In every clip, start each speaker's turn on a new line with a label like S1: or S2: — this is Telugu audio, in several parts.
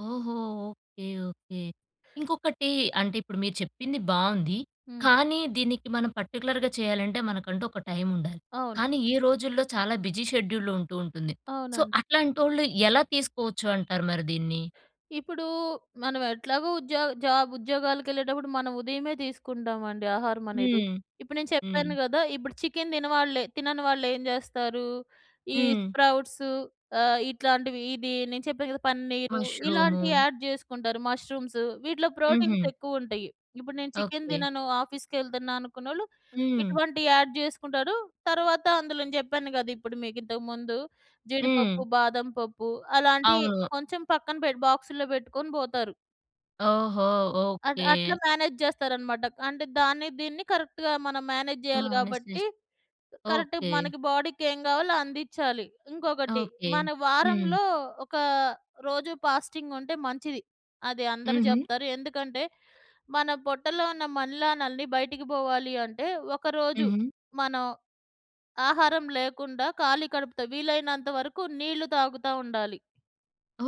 S1: ఓహో! ఓకే. ఓకే. ఇంకొకటి అంటే ఇప్పుడు మీరు చెప్పింది బావుంది.
S2: హ్మ్.
S1: కానీ దీనికి మనం పర్టిక్యులర్‌గా చేయాలంటే మనకంటూ ఒక టైమ్ ఉండాలి.
S2: అవును.
S1: కానీ ఈ రోజుల్లో చాలా బిజి షెడ్యూ‌ల్‌ ఉంటూ ఉంటుంది. సో,
S2: అవునండి.
S1: అట్లాంటోళ్ళు ఎలా తీసుకోవచ్చు అంటారు మరి దీన్ని?
S2: ఇప్పుడు మనం ఎట్లాగో ఉద్యోగ జాబ్ ఉద్యోగాలగెళ్ళేటప్పుడు మనం ఉదయమే తీసుకుంటామండి ఆహారమనేది.
S1: హ్మ్,
S2: ఇప్పుడు నేను
S1: హ్మ్.
S2: చెప్పాను గదా! ఇప్పుడు చికెన్ తినవాళ్ళే తినని వాళ్ళెం జెస్తారు, ఈ
S1: హ్మ్.
S2: స్ప్రౌట్సు ఆహ్, ఇట్లాంటివి ఇది నేను చెప్పాను గదా! పన్నీరు,
S1: మష్రూము.
S2: ఇలాంటియి యాడ్ జేసుకుంటారు. ముష్రూమ్సు వీటిలో ప్రోటీన్స్
S1: హుహు.
S2: ఎక్కువుంటాయి. ఇప్పుడు నేను చికెన్
S1: ఓకే.
S2: తినను ఆఫీస్‌కెళ్తున్నా అనుకున్నోళ్ళు
S1: హ్మ్.
S2: ఇటువంటియి యాడ్ జేసుకుంటాడు. తరువాత అందులో నేను జెప్పాను గదా! ఇప్పుడు మీకు ఇంతకు ముందు
S1: హ్మ్.
S2: జీడిపప్పు, బాదం పప్పు అలాంటియి
S1: అవును.
S2: కొంచెం పక్కన పెట్ బాక్సుల్లో బెట్టుకొని బోతారు.
S1: ఓహో!
S2: అట్
S1: ఓకే.
S2: అట్లా మ్యానేజ్ జేస్తారనమాట. అంటే దాన్ని దీన్ని కరెక్ట్‌గా మనం మ్యానేజ్ జేయాలి కాబట్టి
S1: మానేసేసి
S2: కరెక్ట్‌గా
S1: ఓకే.
S2: మనకి బాడీకేం కావాలో అందిచ్చాలి. ఇంకొకటి,
S1: ఓకే.
S2: మన
S1: హ్మ్.
S2: వారంలో ఒక రోజు పాస్టింగుంటే మంచిది. అది అందరూ
S1: హుహు.
S2: జెప్తారు. ఎందుకంటే మన పొట్టలో ఉన్న మన్లానల్ని బయటికి బోవాలి అంటే ఒక రోజు
S1: హుహు.
S2: మనం ఆహారం లేకుండా ఖాళీ కడుపుతో వీలైనంత వరకు నీళ్ళు తాగుతా ఉండాలి.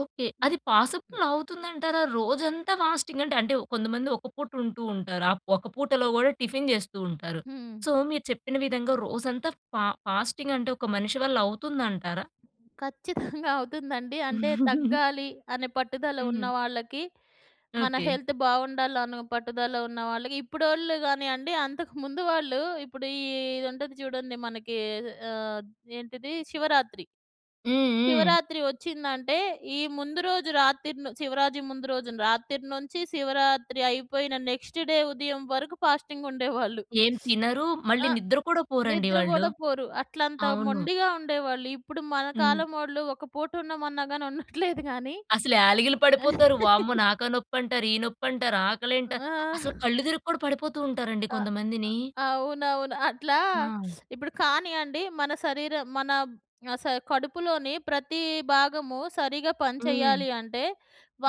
S1: ఓకే.
S2: హ్మ్.
S1: అది పాసిబుల్ అవుతుంది అంటారా రోజంతా ఫాస్టింగ్ అంటే అంటే కొంతమంది ఒక పూట ఉంటూ ఉంటారు. ఆహ్, ఒక పూటలో గూడా టిఫిన్ జెస్తూ ఉంటారు.
S2: హ్మ్.
S1: సో, మీరు చెప్పిన విధంగా రోజంతా ఫ ఫాస్టింగ్ అంటే ఒక మనిషి వల్ల అవుతుందంటారా?
S2: ఖచ్చితంగా అవుతుందండి. అంటే తగ్గాలి అనే పట్టుదల
S1: హ్మ్.
S2: ఉన్నవాళ్ళకి, మన
S1: ఓకే.
S2: హెల్త్ బావుండాలనో పట్టుదల ఉన్నవాళ్ళకి, ఇప్పుడోళ్ళు గానియండి. అంతకు ముందు వాళ్ళు ఇప్పుడు ఈ ఇది ఉంటది జూడండి మనకి అహ్, ఏంటిది? శివరాత్రి.
S1: హ్మ్. హ్మ్.
S2: శివరాత్రి ఒచ్చిందంటే ఈ ముందు రోజు రాతిరిను శివరాత్రి ముందు రోజు రాత్రి నుంచి శివరాత్రి అయిపోయిన నెక్స్ట్ డే ఉదయం వరకు ఫాస్టింగ్ ఉండేవాళ్ళు.
S1: ఏం తినరు మళ్ళీ
S2: ఆ!
S1: నిద్ర కూడా పోరండి
S2: నిద్ర
S1: వాళ్ళు.
S2: గూడా పోరు. అట్లంత
S1: అవును.
S2: మొండిగా ఉండేవాళ్ళు. ఇప్పుడు మన
S1: హ్మ్.
S2: కాలం ఒళ్ళు ఒక పూట ఉన్నమన్నా గాని ఉంన్నట్లేదు గాని
S1: అసలు యాలగిలి పడిపోతారు. వామ్మో! నాకా నొప్పి అంటారు. ఈ నొప్పి అంటారు. ఆకలంట, అసలు
S2: ఆ!
S1: కళ్ళు తిరిగి కూడా పడిపోతూ ఉంటారండి
S2: అ!
S1: కొంతమందిని.
S2: ఆహ్, అవునవును. అట్లా
S1: ఆ!
S2: ఇప్పుడు కానీయండి మన శరీరం మన ఆహ్, శ కడుపులోని ప్రతి భాగము సరిగ్గా పని
S1: హ్మ్.
S2: చెయ్యాలి అంటే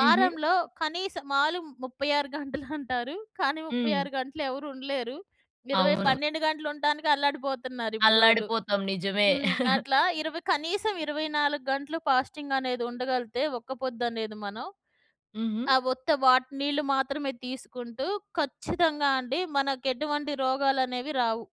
S1: హుహు.
S2: కనీసం మాలు 36 గంటలు అంటారు. కానీ ముప్పై
S1: హ్మ్.
S2: ఆరు గంటలు ఎవరు ఉండలేరు. ఇరవై
S1: అవును.
S2: పన్నెండు గంటలు ఉండటానికి అల్లడిపోతున్నారు ఇప్పుడోళ్ళు.
S1: అల్లాడిపోతాం. నిజమే.
S2: హ్మ్. అట్లా 20 కనీసం 24 గంటలు ఫాస్టింగ్ అనేది ఉండగలిగితే ఒక్క పొద్దు అనేది మనం,
S1: హుహు.
S2: ఆ వుత్త వాట్ నీళ్ళు మాత్రమే తీసుకుంటూ ఖచ్చితంగా అండి. మనకేటువంటి రోగాలు అనేవి రావు.